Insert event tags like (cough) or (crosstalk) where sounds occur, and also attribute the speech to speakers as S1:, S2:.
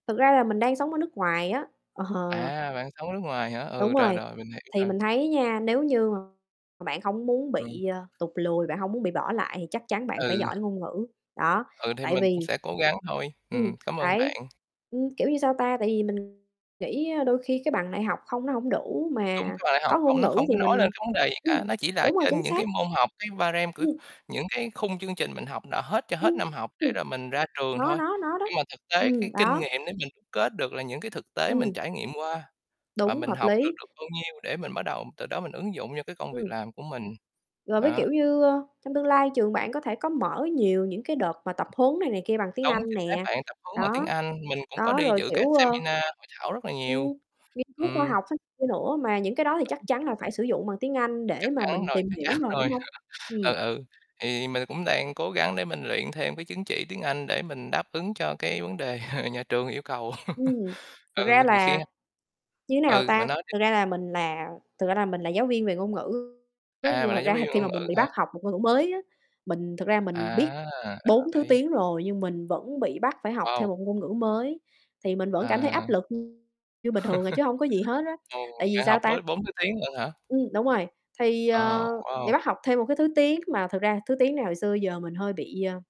S1: Thực ra là mình đang sống ở nước ngoài á, ờ.
S2: À, bạn sống nước ngoài hả?
S1: Đúng
S2: Ừ, rồi,
S1: rồi,
S2: rồi, mình hiểu
S1: thì
S2: rồi.
S1: mình thấy nha, nếu như mà bạn hông muốn
S2: Ừ.
S1: bị, ơ, tụt lùi, bạn hông muốn bị bỏ lại thì chắc chắn bạn phải
S2: Ừ.
S1: giỏi ngôn ngữ, đó.
S2: Ừ, thì
S1: Tại
S2: mình cũng
S1: vì
S2: sẽ cố gắng thôi.
S1: ừm,
S2: Ừm, cảm ơn
S1: đấy,
S2: bạn.
S1: ừm, kiểu như, sao ta, tại vì mình nghĩ, ơ, đôi khi cái bằng đại học hông nó hổng đủ
S2: Đúng,
S1: mà
S2: cái bằng đại học
S1: có ngôn
S2: không nó
S1: ngữ
S2: không có
S1: thì
S2: nói lên
S1: mình
S2: cái vấn đề gì
S1: ừm,
S2: cả, nó chỉ là
S1: đúng rồi,
S2: trên
S1: chính
S2: những
S1: xác.
S2: cái môn học, cái ba rem của
S1: Ừm.
S2: những cái khung chương trình mình học là hết cho hết
S1: Ưm,
S2: năm học để rồi
S1: (unintelligible)
S2: mình ra trường
S1: Nó
S2: thôi.
S1: nó nó đó,
S2: Nhưng mà thực tế cái
S1: ừm,
S2: kinh
S1: đó.
S2: nghiệm để mình đúc kết được là những cái thực tế mình
S1: Ừm.
S2: trải nghiệm qua và
S1: Đúng,
S2: mình
S1: hợp
S2: học được
S1: lý.
S2: được bao nhiêu để mình bắt đầu từ đó mình ứng dụng cho cái công việc
S1: Ừm.
S2: làm của mình.
S1: Rồi với,
S2: Đó.
S1: kiểu như, ơ, trong tương lai trường bạn có thể có mở nhiều những cái đợt mà tập huấn này này kia bằng tiếng
S2: Đúng,
S1: Anh
S2: chính xác
S1: nè,
S2: bạn. Tập huấn bằng tiếng
S1: đó.
S2: Anh, mình cũng có
S1: Đó,
S2: đi
S1: rồi,
S2: giữ các
S1: kiểu, ơ,
S2: seminar hội thảo rất là nhiều.
S1: ừm, nghiên cứu khoa
S2: Ừm.
S1: học (unintelligible) kia nữa, mà những cái đó thì chắc
S2: Đúng.
S1: chắn là phải sử dụng bằng tiếng Anh để
S2: Chắc
S1: mà
S2: chắn
S1: mình
S2: rồi,
S1: tìm
S2: chắc
S1: hiểu
S2: chắn
S1: rồi, đúng
S2: rồi.
S1: hông?
S2: (laughs) Ừ,
S1: Ừm.
S2: ừ. Thì mình cũng đang cố gắng để mình luyện thêm cái chứng chỉ tiếng Anh để mình đáp ứng cho cái vấn đề (laughs) nhà trường yêu cầu.
S1: Ừm,
S2: (laughs)
S1: thực
S2: Ừ,
S1: ra
S2: rồi
S1: là như thế
S2: (unintelligible)
S1: nào
S2: ừ,
S1: ta?
S2: bạn nói đi.
S1: Thực ra là mình là thực ra là mình là giáo viên về ngôn ngữ á,
S2: À,
S1: nhưng
S2: bạn
S1: mà
S2: là
S1: thật
S2: giáo
S1: ra
S2: viên
S1: khi
S2: ngôn
S1: mà mình
S2: ngữ
S1: bị
S2: hả?
S1: bắt học một ngôn ngữ mới á, mình thực ra mình biết
S2: À, là bạn
S1: 4 thứ
S2: thấy
S1: tiếng rồi nhưng mình vẫn bị bắt phải học thêm
S2: Wow!
S1: một ngôn ngữ mới thì mình vẫn cảm thấy
S2: À,
S1: áp lực như như bình thường à, chứ
S2: (laughs)
S1: hông có gì hết á.
S2: ồ,
S1: Tại vì
S2: bạn học
S1: sao ta?
S2: bối bốn thứ tiếng lận hả?
S1: Ừm, đúng rồi, thì,
S2: Ồ,
S1: ờ, để
S2: wow.
S1: bắt học thêm 1 cái thứ tiếng mà thực ra thứ tiếng này hồi xưa giờ mình hơi bị, a